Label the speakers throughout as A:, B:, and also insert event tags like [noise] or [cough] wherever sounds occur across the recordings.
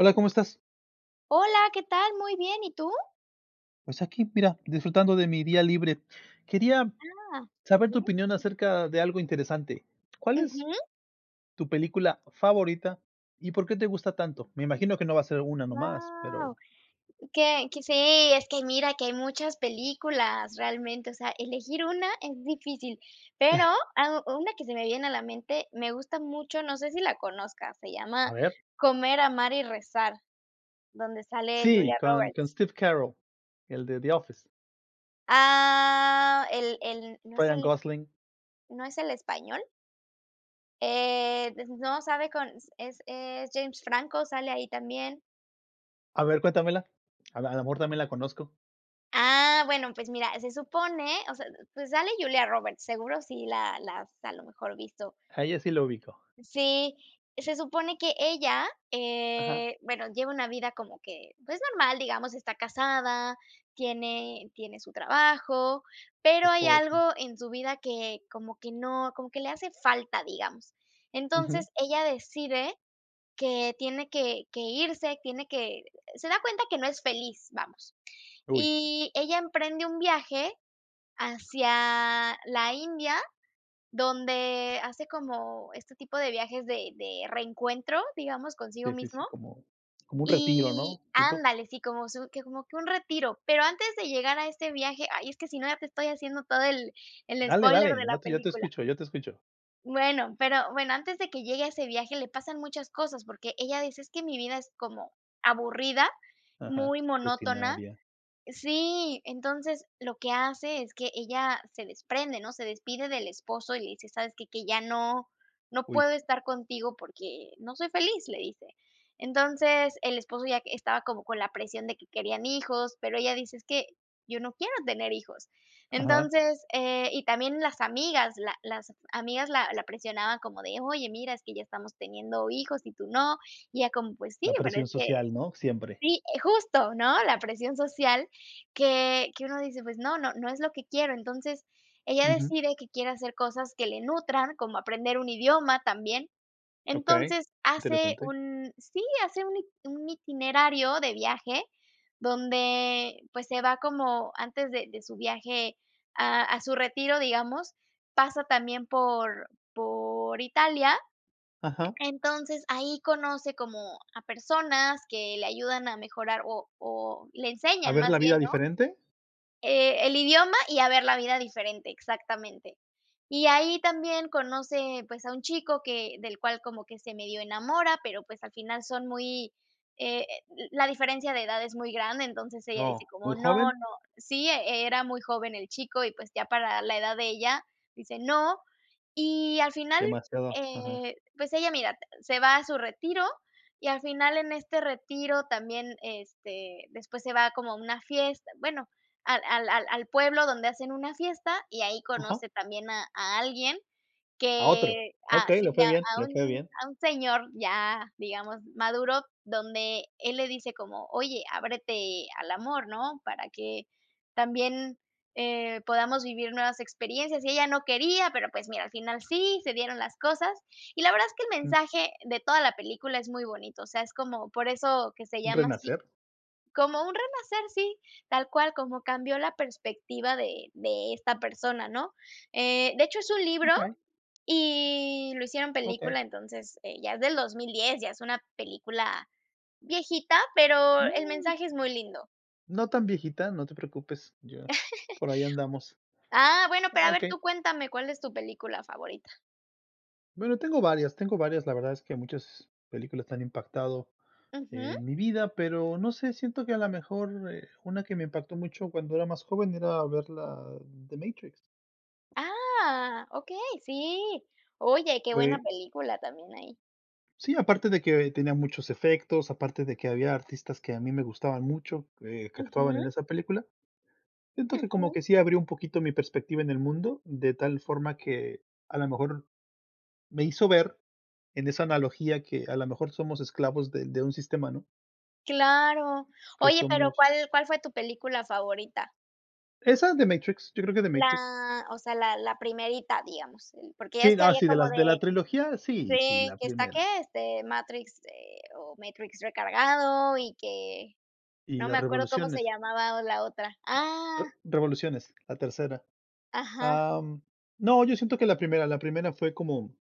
A: Hola, ¿cómo estás?
B: Hola, ¿qué tal? Muy bien, ¿y tú?
A: Pues aquí, mira, disfrutando de mi día libre. Quería
B: Ah, qué
A: saber tu
B: bien.
A: opinión acerca de algo interesante, ¿cuál es
B: Ujú.
A: tu película favorita y por qué te gusta tanto? Me imagino que no va a ser una nomás, pero
B: Wau. Que que sí, es que mira que hay muchas películas realmente, o sea, elegir una es difícil. Pero,
A: [chuckles]
B: ah, una que se me viene a la mente, me gusta mucho, no sé si la conozcas, se
A: A
B: llama
A: ver.
B: Comer, Amar y Rezar, donde sale
A: Sí,
B: Julia
A: con
B: Roberts.
A: con Steve Carrell, el de The Office.
B: Ah, el el ¿no es
A: Ryan
B: el
A: Gosling.
B: no es el español? Eh, de ese no sabe, con es es James Franco, sale ahí también.
A: A ver, cuéntamela. A la a la mejor también la conozco.
B: Ah, bueno pues mira, se supone o sea, pues sale Julia Roberts, seguro si la la has a lo mejor visto.
A: A ella sí la ubico.
B: Sí, se supone que ella,
A: Ajá.
B: eh, bueno, lleva una vida como que, pues, normal, digamos, está casada, tiene tiene su trabajo,
A: Su
B: pero hay
A: esposo.
B: algo en su vida que como que no como que le hace falta, digamos.
A: Ujú.
B: Entonces, ella decide que tiene que que irse, tiene que Se da cuenta que no es feliz, vamos.
A: Uy.
B: Y ella emprende un viaje hacia la India, donde hace como este tipo de viajes de de reencuentro, digamos, consigo
A: Sí, sí, sí,
B: mismo.
A: como como un retiro,
B: Y
A: ¿no?, ¿tipo?
B: Ándale, sí, como su que como que un retiro, pero antes de llegar a este viaje Ay, es que si no ya te estoy haciendo todo el el
A: Dale,
B: spoiler
A: dale,
B: de la
A: no, yo te
B: película.
A: escucho, yo te escucho.
B: Bueno, pero, bueno, antes de que llegue ese viaje, le pasan muchas cosas, porque ella dice: "Es que mi vida es como aburrida,
A: Ajá,
B: muy monótona".
A: rutinaria.
B: Sí, entonces, lo que hace es que ella se desprende ¿no? Se despide del esposo y le dice: "¿Sabes qué? Que ya no no
A: Uy.
B: puedo estar contigo porque no soy feliz", le dice. Entonces, el esposo ya estaba como con la presión de que querían hijos, pero ella dice: "Es que yo no quiero tener hijos".
A: Ajá.
B: Entonces, eh y también las amigas, la las amigas la la presionaban como de: "Oye, mira, es que ya estamos teniendo hijos y tú no". Y ella como, pues: "Sí,
A: La
B: pero
A: presión
B: es que",
A: social ¿no? Siempre.
B: sí, justo, ¿no? La presión social que que uno dice: "Pues no, no no es lo que quiero". Entonces, ella
A: Ujú.
B: decide que quiere hacer cosas que le nutran, como aprender un idioma también.
A: Okey,
B: Entonces, hace
A: interesante.
B: un Sí, hace un it un itinerario de viaje donde, pues, se va como antes de de su viaje a a su retiro, digamos, pasa también por por Italia.
A: Ajá.
B: Entonces, ahí conoce como a personas que le ayudan a mejorar o o le
A: ¿A
B: enseñan
A: ver
B: más
A: la
B: bien
A: vida
B: ¿no?,
A: diferente?
B: Eh, el idioma y a ver la vida diferente, exactamente. Y ahí también conoce, pues, a un chico que del cual como que se medio enamora, pero, pues, al final son muy eh, la diferencia de edad es muy grande, entonces ella dice
A: Oh, ¿muy
B: como: "No,
A: joven?
B: no", sí, era muy joven el chico y, pues, ya para la edad de ella dice: "No" y al final,
A: Demasiado, ajá.
B: eh, pues, ella, mira, se va a su retiro y al final en este retiro también, este, después se va como a una fiesta, bueno, al al al al pueblo donde hacen una fiesta y ahí
A: Ajá.
B: conoce también a a alguien
A: A otro,
B: que ah,
A: okey, le
B: sí,
A: fue
B: a
A: bien,
B: a
A: le fue
B: un
A: bien.
B: a un señor ya, digamos, maduro, donde él le dice como: "Oye, ábrete al amor ¿no? Para que también, eh, podamos vivir nuevas experiencias", y ella no quería, pero, pues, mira, al final sí, se dieron las cosas. Y la verdad es que el
A: Mm.
B: mensaje de toda la película es muy bonito, o sea, es como por eso que se
A: ¿Un
B: llama así,
A: renacer?
B: como un renacer, sí, tal cual como cambió la perspectiva de de esta persona ¿no? Eh, de hecho, es un libro
A: Okey.
B: y lo hicieron
A: Okey.
B: película, entonces, eh, ya es del 2010, ya es una película viejita, pero el
A: Uh.
B: mensaje es muy lindo.
A: No tan viejita, no te preocupes, ya por ahí andamos.
B: [chuckles] Ah, bueno, pero a ver,
A: Okey.
B: tú cuéntame ¿cuál es tu película favorita?
A: Bueno, tengo varias, tengo varias. La verdad es que muchas películas que han impactado
B: Ujú.
A: en mi vida, pero no sé, siento que a la mejor eh una que me impactó mucho cuando era más joven era ver la de Matrix.
B: Ah. Okey, sí. Oye, qué buena
A: Fue
B: película también ahí.
A: Sí, aparte de que tenía muchos efectos, aparte de que había artistas que a mí me gustaban mucho, que que actuaban
B: Ujú.
A: en esa película, siento que como
B: Ujú.
A: que sí abrió un poquito mi perspectiva en el mundo, de tal forma que a la mejor me hizo ver, en esa analogía, que a la mejor somos esclavos de de un sistema, ¿no?
B: Claro.
A: Que
B: Oye, pero,
A: somos
B: ¿cuál cuál fue tu película favorita?
A: Esa de Matrix, yo creo que de Matrix.
B: La, o sea, la la 1, digamos. Porque es
A: Sí,
B: que
A: ah,
B: había
A: sí, de
B: como
A: las de
B: de
A: la trilogía, sí, sí,
B: Sí
A: la
B: ¿qué está qué?
A: primera.
B: este, Matrix, eh, o Matrix Recargado y que
A: Y
B: no me
A: la
B: acuerdo cómo se
A: Revoluciones.
B: llamaba o la otra. Ah.
A: Revoluciones, la tercera.
B: Ajá.
A: Am, no, yo siento que la primera, la primera fue como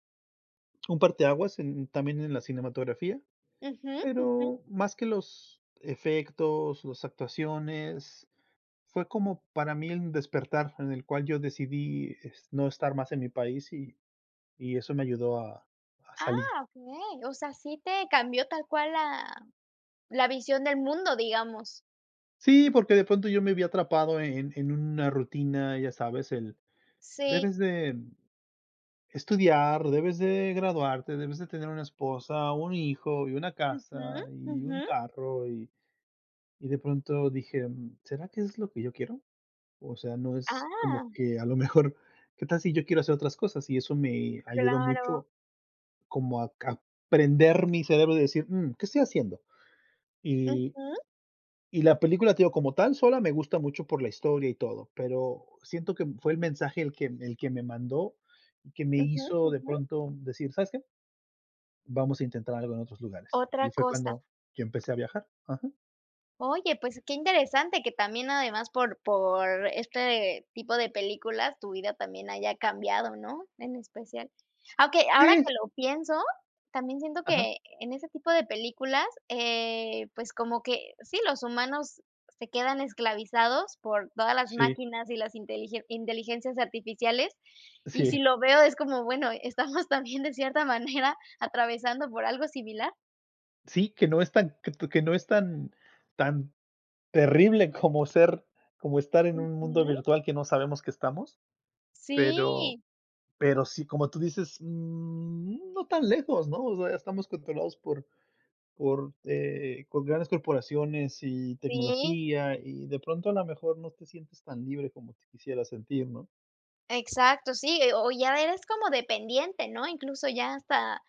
A: un parteaguas en también en la cinematografía.
B: Ujú, Ujú.
A: Pero más que los efectos, las actuaciones, fue como para mí un despertar en el cual yo decidí es no estar más en mi país y y eso me ayudó a a salir.
B: Ah, okey. O sea, sí te cambió tal cual la la visión del mundo, digamos.
A: Sí, porque de pronto yo me vi atrapado en en una rutina, ya sabes, el
B: Sí.
A: debes de estudiar, debes de graduarte, debes de tener una esposa, un hijo y una
B: Ujú,
A: casa y un
B: ujú.
A: carro y y de pronto dije: "Mm, ¿será que es lo que yo quiero?" O sea, no es como
B: Ah.
A: que a lo mejor: "¿Qué tal si yo quiero hacer otras cosas?" Y eso me ayudó
B: Claro.
A: mucho como a cap prender mi cerebro y decir: "Mm, ¿qué estoy haciendo?" Y
B: Ujú.
A: y la película, te digo, como tal, sola me gusta mucho por la historia y todo, pero siento que, em, fue el mensaje el que el que me mandó y que me
B: Ujú,
A: hizo de
B: ujú.
A: pronto decir: "¿Sabes qué?" "vamos a intentar algo en otros lugares",
B: Otra
A: y fue
B: cosa.
A: cuando y empecé a viajar. Ajá.
B: Oye, pues, qué interesante que también además por por este tipo de películas tu vida también haya cambiado, ¿no?, en especial. Aunque, ahora que
A: [unintelligible]
B: lo pienso, también siento
A: Ajá.
B: que en ese tipo de películas, eh, pues, como que sí, los humanos se quedan esclavizados por todas las
A: Sí.
B: máquinas y las inteligen inteligencias artificiales, y si
A: Sí.
B: lo veo es como, bueno, estamos también de cierta manera atravesando por algo similar.
A: Sí, que no es tan que t que no es tan tan terrible como ser como estar en un mundo
B: Ujú.
A: virtual que no sabemos que estamos. Pero
B: Sí.
A: pero sí, como tú dices, mm, no tan lejos, ¿no?, o sea, estamos controlados por por, eh, con grandes corporaciones y
B: Sí.
A: tecnología, y de pronto, a la mejor no te sientes tan libre como te quisieras sentir, ¿no?
B: Exacto, sí, eh, o ya eres como dependiente, ¿no?, incluso, ya hasta,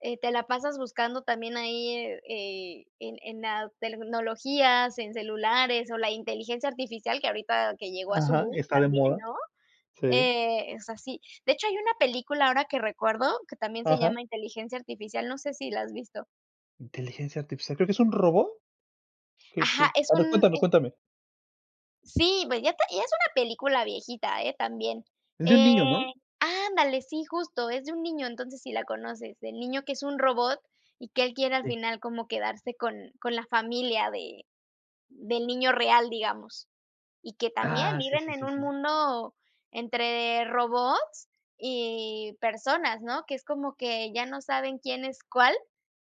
B: eh, te la pasas buscando también ahí, eh eh, en en la tecnologías, en celulares, o la inteligencia artificial que ahorita que llegó a su
A: Ajá,
B: boom
A: está de
B: también,
A: moda.
B: ¿no?,
A: Sí.
B: eh, es así. De hecho, hay una película ahora que recuerdo, que también se
A: Ajá.
B: llama Inteligencia Artificial, no sé si la has visto.
A: ¿Inteligencia Artificial? ¿Creo que es un robot que
B: Ajá,
A: que
B: es
A: A ver
B: un
A: cuéntame,
B: es
A: cuéntame.
B: Sí, pues ya te y es una película viejita, ¿eh?, también.
A: Es de un
B: Eh,
A: niño, ¿no?
B: ándale, sí, justo, es de un niño, entonces, si la conoces, del niño que es un robot y que él quiere al
A: Sí.
B: final como quedarse con con la familia de del niño real, digamos. Y que también
A: Ah, sí
B: viven
A: sí
B: en
A: sí
B: un
A: sí sí.
B: mundo entre robots y personas, ¿no?, que es como que ya no saben quién es cuál,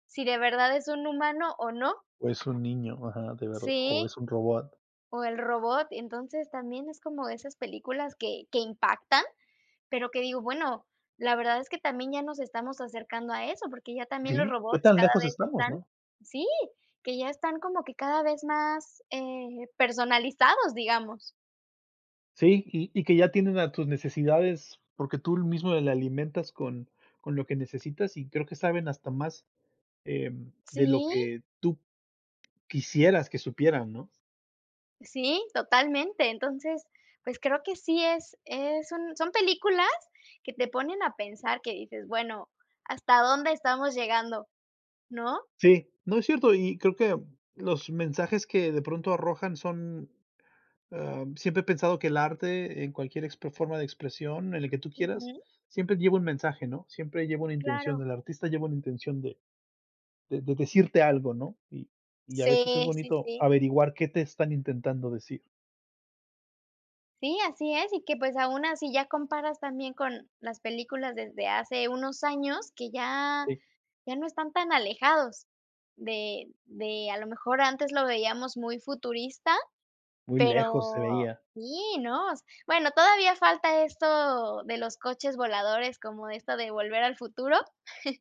B: si de verdad es un humano o no.
A: Es un niño, ajá, de ver o
B: Sí.
A: es un robot.
B: O el robot. Entonces, también es como de esas películas que que impactan, pero que digo, bueno, la verdad es que también ya nos estamos acercando a eso, porque ya también los
A: Sí. ¿Qué
B: robots
A: tan
B: cada
A: lejos
B: vez
A: estamos,
B: están
A: no?
B: sí, que ya están como que cada vez más, eh, personalizados, digamos.
A: Sí, y y que ya entienden a tus necesidades porque tú mismo le alimentas con con lo que necesitas y creo que saben hasta más, em, de lo
B: Sí.
A: que tú quisieras que supieran, ¿no?
B: Sí, totalmente. Entonces, pues, creo que sí es es un son películas que te ponen a pensar que dices: "Bueno, ¿hasta dónde estamos llegando, no?"
A: Sí, no, es cierto y creo que los mensajes que de pronto arrojan son, ah, siempre he pensado que el arte en cualquier ex forma de expresión, en el que tú quieras,
B: Ujú.
A: siempre llevo un mensaje, ¿no? Siempre lleva una intención,
B: Claro.
A: el artista lleva una intención de de de decirte algo, ¿no? Y y, a veces es
B: Sí, sí,
A: bonito
B: sí.
A: averiguar qué te están intentando decir.
B: Sí, así es, y que, pues, aún así ya comparas también con las películas desde hace unos años que ya
A: Sí.
B: ya no están tan alejados de de, a lo mejor, antes lo veíamos muy futurista,
A: Muy lejos se
B: pero
A: veía.
B: sí, ¿no? Bueno, todavía falta esto de los coches voladores, como esto de Volver al Futuro. [chuckles]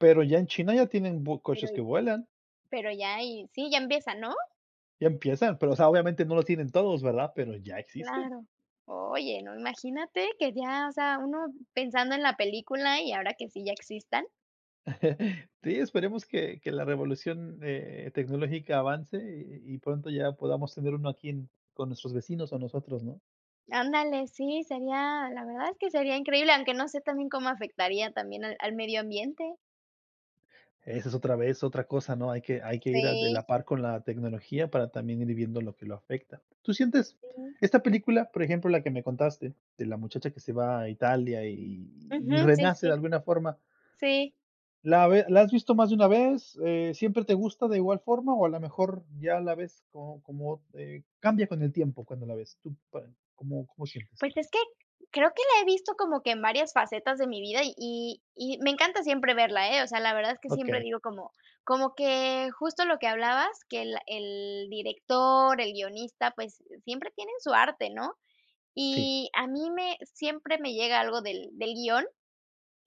A: Pero ya en China ya tienen vu
B: Pero
A: coches que
B: y
A: vuelan.
B: pero ya y sí, ya empieza, ¿no?
A: Ya empiezan, pero, o sea, obviamente no lo tienen todos, ¿verdad? Pero ya existen.
B: Claro. Oye, no, imagínate que ya, o sea, uno pensando en la película y ahora que sí ya existan.
A: [chuckles] Sí, esperemos que que la revolución, eh, tecnológica avance y y pronto ya podamos tener uno aquí en con nuestros vecinos o nosotros, ¿no?
B: Ándale, sí, sería, la verdad es que sería increíble, aunque no sé también cómo afectaría también al al medio ambiente.
A: Esa es otra vez, otra cosa, ¿no? Hay que hay que ir a de
B: Sí.
A: la par con la tecnología para también ir viendo lo que lo afecta. ¿Tú sientes
B: Sí.
A: esta película, por ejemplo, la que me contaste, de la muchacha que se va a Italia y y y
B: Ujú, sí,
A: renace de
B: sí.
A: alguna forma?
B: Sí.
A: ¿La ve la has visto más de una vez? Eh, ¿siempre te gusta de igual forma o a la mejor ya la ves como como, eh, cambia con el tiempo cuando la ves? Tú, par ¿cómo cómo sientes tú?
B: Pues es que creo que la he visto como que en varias facetas de mi vida y y me encanta siempre verla, eh, o sea, la verdad es que siempre
A: Okey.
B: digo como como que justo lo que hablabas, que el el director, el guionista, pues, siempre tienen su arte, ¿no?
A: Sí.
B: Y a mí me siempre me llega algo del del guion,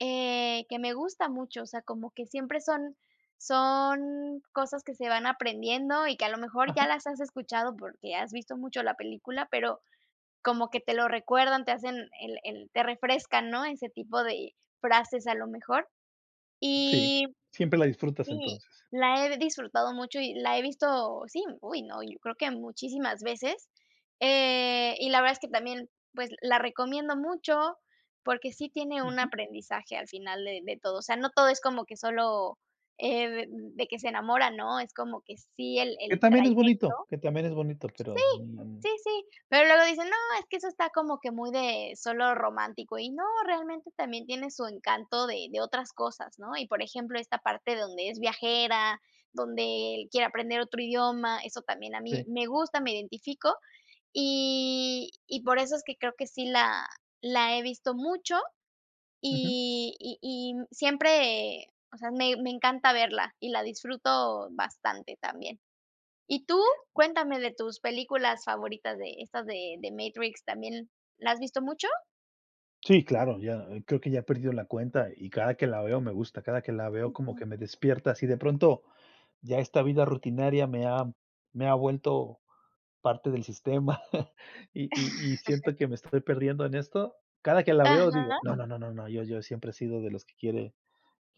B: eh, que me gusta mucho, o sea, como que siempre son son cosas que se van aprendiendo y que a lo mejor ya
A: Ajá.
B: las has escuchado porque has visto mucho la película, pero como que te lo recuerdan, te hacen el el te refrescan, ¿no? Ese tipo de frases, a lo mejor.
A: Sí,
B: Y,
A: siempre la disfrutas
B: sí,
A: entonces.
B: la he disfrutado mucho y la he visto, sí, uy, no, yo creo que muchísimas veces. Eh, y la verdad es que también, pues, la recomiendo mucho porque sí tiene un
A: Ujú.
B: aprendizaje al final de de todo. O sea, no todo es como que sólo, eh, de de que se enamora, ¿no? Es como que sí el
A: Que
B: el
A: también es
B: trayecto.
A: bonito, que también es bonito,
B: Sí,
A: pero, mm.
B: sí, sí. Pero luego dicen: "No, es que eso está como que muy de solo romántico", y no, realmente también tiene su encanto de de otras cosas, ¿no? Y, por ejemplo, esta parte de donde es viajera, donde él quiere aprender otro idioma, eso también a mí
A: Sí.
B: me gusta, me identifico, y y por eso es que creo que sí la la he visto mucho
A: Ujú.
B: y y y siempre, o sea, me me encanta verla y la disfruto bastante también. ¿Y tú?, cuéntame de tus películas favoritas de estas de The Matrix, también, ¿la has visto mucho?
A: Sí, claro, ya, ah, creo que ya he perdido la cuenta, y cada que la veo me gusta, cada que la veo como
B: Ujú
A: que me despierta, si de pronto ya esta vida rutinaria me ha me ha vuelto parte del sistema [chuckles] y y y
B: [chuckles]
A: siento que me estoy perdiendo en esto, cada que la veo digo,
B: Ajá.
A: no no no no, yo yo siempre he sido de los que quiere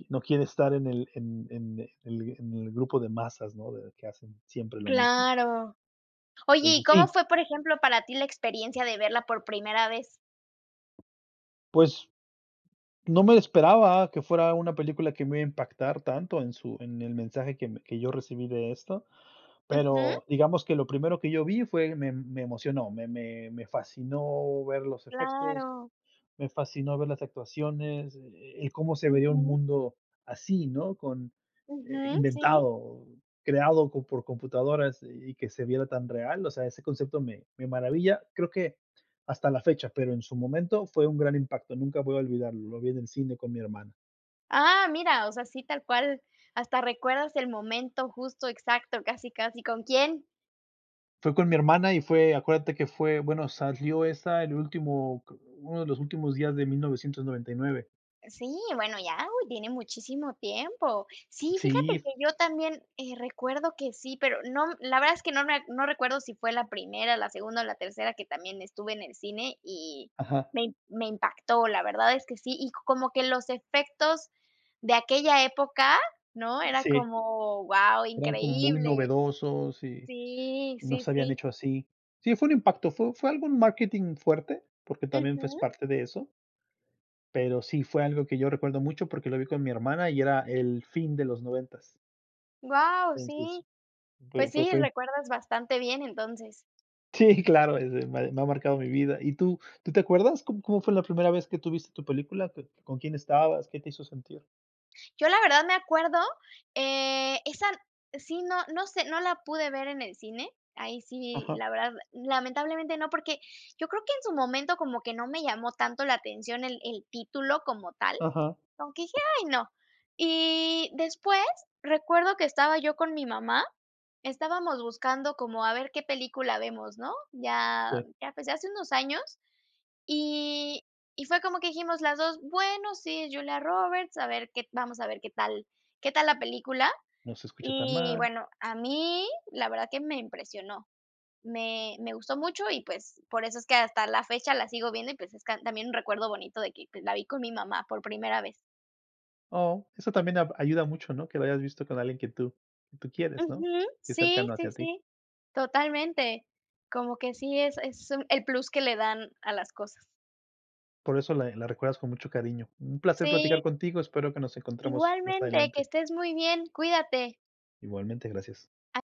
A: no quiere estar en el en en el en el grupo de masas, ¿no? De que hacen siempre lo mismo.
B: Claro. Oye, ¿y
A: Entonces,
B: cómo
A: sí.
B: fue, por ejemplo, para ti la experiencia de verla por primera vez?
A: Pues, no me esperaba que fuera una película que me iba a impactar tanto en su en el mensaje que me que yo recibí de esto,
B: Ujú.
A: pero, digamos, que lo primero que yo vi fue me me emocionó, me me me fascinó ver los efectos,
B: Claro.
A: me fascinó ver las actuaciones, eh eh, cómo se vería un
B: Ujú.
A: mundo así, ¿no?, con eh,
B: Ujú, sí.
A: inventado, creado por computadoras. Y y que se viera tan real, o sea ese concepto me me maravilla, creo que hasta la fecha, pero en su momento fue un gran impacto, nunca voy a olvidarlo, lo vi en el cine con mi hermana.
B: Ah, mira, o sea, sí, tal cual, hasta recuerdas el momento justo, exacto, casi casi con quién.
A: Fue con mi hermana, y fue acuérdate que fue bueno, salió esa el último, co uno de los últimos días de 1999.
B: Sí, bueno, ya, uy, tiene muchísimo tiempo. Sí, fíjate
A: Sí.
B: que yo también, eh, recuerdo que sí, pero no la verdad es que no me a no recuerdo si fue la primera, la segunda o la tercera que también estuve en el cine, y
A: Ajá.
B: me me impactó. La verdad es que sí, y como que los efectos de aquella época, ¿no?, era
A: Sí
B: como, guau,
A: eran como muy
B: increíble.
A: novedosos, y
B: Sí,
A: y no
B: sí,
A: se habían
B: sí.
A: hecho así. Sí, fue un impacto, fue fue algún marketing fuerte, porque también fue es
B: Ujú.
A: parte de eso pero sí fue algo que yo recuerdo mucho, porque lo vi con mi hermana y era el fin de los noventas.
B: Guau,
A: Entonces,
B: sí.
A: fue
B: Pues
A: fue
B: sí,
A: fue
B: recuerdas bastante bien, entonces.
A: Sí, claro, ese me me ha marcado mi vida. Y tú, ¿tú te acuerdas?, ¿cómo cómo fue la primera vez que tú viste tu película?, ¿co con quién estabas? ¿Qué te hizo sentir?
B: Yo la verdad me acuerdo, eh, esa Sí, no no sé, no la pude ver en el cine. Ahí sí,
A: Ajá.
B: la verdad, lamentablemente no, porque yo creo que en su momento como que no me llamó tanto la atención el el título como tal,
A: Ajá.
B: como que dije: "Ay no". Y después recuerdo que estaba yo con mi mamá, estábamos buscando como a ver qué película vemos, ¿no? Ya
A: Sí.
B: ya empecé hace unos años, y y fue como que dijimos las 2: "Bueno, sí, Julia Roberts, a ver qué vamos a ver qué tal qué tal la película".
A: No se escucha tan
B: Y
A: mal.
B: bueno, a mí, la verdad que me impresionó. Me me gustó mucho y pues, por eso es que hasta la fecha la sigo viendo y pues es can también un recuerdo bonito de que pues la vi con mi mamá por primera vez.
A: Oh, eso también ab ayuda mucho, ¿no? Que lo hayas visto con alguien que tú que tú quieres, ¿no?
B: Ujú,
A: Que es
B: sí,
A: cercano
B: sí,
A: hacia ti.
B: sí, totalmente. Como que sí es es un el plus que le dan a las cosas.
A: Por eso la, eh, la recuerdas con mucho cariño. Un placer platicar
B: Sí.
A: contigo, espero que nos encontremos más
B: Igualmente, que
A: adelante.
B: estés muy bien, cuídate.
A: Igualmente, gracias.
B: A